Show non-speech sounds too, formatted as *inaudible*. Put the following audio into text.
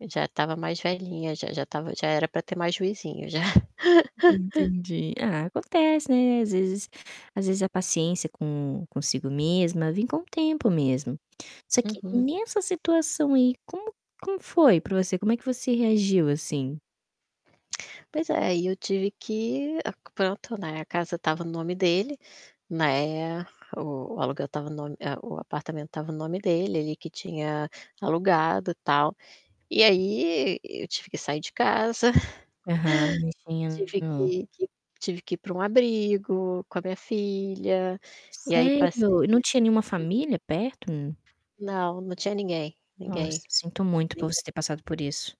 Já estava mais velhinha, já já estava já era para ter mais juizinho já. *laughs* Entendi, ah, acontece, né, às vezes às vezes a paciência com consigo mesma, vem com o tempo mesmo. Só que Uhum. nessa situação aí como como foi para você? Como é que você reagiu, assim? Pois é, e eu tive que pronto, né, a casa estava no nome dele, né, o o aluguel estava no nome o apartamento estava no nome dele, ele que tinha alugado, tal. E aí e eu tive que sair de casa, Aham, *chuckles* tive entendo. que que tive que ir para um abrigo com a minha filha, e aí passei Sério? E não tinha nenhuma *unintelligible* família perto? Não, não tinha ninguém, Nossa, ninguém, sinto muito por você ninguém ter passado por isso.